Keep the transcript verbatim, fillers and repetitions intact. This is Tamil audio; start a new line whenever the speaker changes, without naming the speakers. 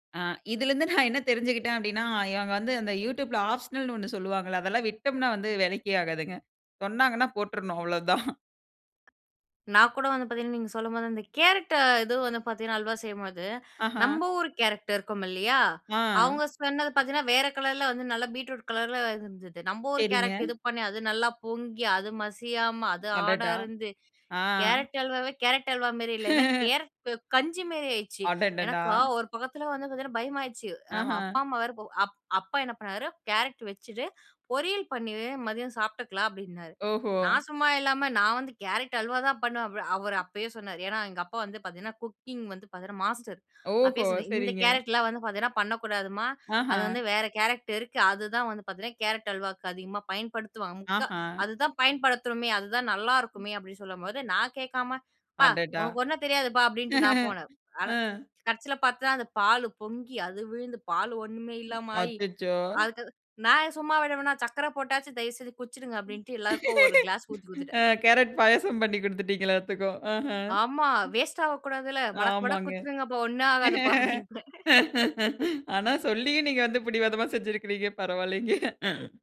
ஆ, இதில இருந்து நான் என்ன தெரிஞ்சுகிட்டேன் அப்பிடினா, இவுங்க வந்து Youtubeல ஆப்ஷனல்னு ஒண்ணு சொல்வாங்கல. அதெல்லாம் விட்டம்ன்னா வந்து வேலைக்கே ஆகாதுங்க. சொன்னாங்கன்னா போட்றணும். அவ்ளோதான்.
நான் கூட வந்து பார்த்தீங்கன்னா, நீங்க சொல்லும்போது அந்த கேரட்ட இது வந்து பார்த்தீங்கன்னா, அல்வா செய்யும்போது,
ஆஹ!
நம்ம ஊரு கேரட் இருக்கும் இல்லயா!
ஆ.
அவுங்க சொன்னது பார்த்தீங்கன்னா, வேற கலர்ல, வந்து நல்லா பீட்ரூட் கலர்ல இருந்தது. நம்ம ஊரு
சரிங்க.
கேரட் இது பண்ணி அது நல்லா பொங்கி, அது மசியாம, அது ஹார்டா
அடடா!
இருந்து,
ஆ.
கேரட் அல்வாவே கேரட் அல்வாமாரி இல்ல. ஏன்னா, கேரட் கஞ்சி மாரி ஆயிடுச்சு.
அடடடா!
எனக்கா ஒரு பக்கத்தில வந்து பார்த்தீங்கன்னா, பயமாயிடுச்சு. நம்ம
அஹ.
அப்பா அம்மா வேற அப் அப்பா என்ன பண்ணாரு. "கேரட் வச்சுட்டு பொரியல் பண்ணிரு மதியம் சாப்பிட்டுக்கலாம்." அப்பிடின்னாரு.
ஓஹோ!
நான் சும்மா இல்லாம நான் வந்து கேரட் அல்வா தான் பண்ணுவேன். அவ் அவரு அப்பயே சொன்னாரு. ஏன்னா எங்க அப்பா வந்து பார்த்தீங்கன்னா, குக்கிங் வந்து பார்த்தீங்கன்னா மாஸ்டர். அப்பயே
ஓஹோ!
சொன்னேன் ''இந்த
சரிங்க.
கேரட்லாம் வந்து பார்த்தீங்கன்னா, பண்ணக்கூடாதும்மா! அது
ஆஹ!
வந்து வேற கேரக்ட இருக்கு. அதுதான் வந்து பார்த்தீங்கன்னா கேரட் அல்வாக்கு அதிகமா பயன்படுத்துவாங்க. முக்கா
அஹ.
அதுதான் பயன்படுத்தணுமே. அதுதான் நல்லாருக்குமே. அப்பிடின்னு சொல்லும்போது நான் கேட்காம அப்பா!
அடடா!
உனக்கு ஒன்னும் தெரியாதுப்பா'' அப்பிடின்ட்டு நான் போனேன். ஆனா,
ம்.
கடைசில பார்த்தா அந்த பாலு பொங்கி அது விழுந்து பாலு ஒன்னுமே இல்லாம ஆயி
அச்சச்சோ!
அதுக்கு நான் சும்மா விடுவனா சர்க்கர போட்டாச்சு தயவுசெஞ்சு குடிச்சிடுங்க
ம்,
அப்பிடின்ட்டு எல்லாருக்கும் ஒரு கிளாஸ் ஊத்தி குடுத்துட்டேன்.
கேரட் பாயாசம் பண்ணி குடுத்துட்டீங்கலா எல்லாத்துக்கும். அஹ்ம்.
ஆமா வேஸ்ட் ஆக கூடாதுல்ல. மடக் மடக்கு
ஆமாங்க.
குடுச்சிடுங்கப்பா! ஒன்னும் ஆ காதுப்பா அப்பிடின்டேன்
ஆனா சொல்லியும் நீங்க வந்து பிடிவாதமா செஞ்சிருக்கிறீங்க, பரவால்லேங்க!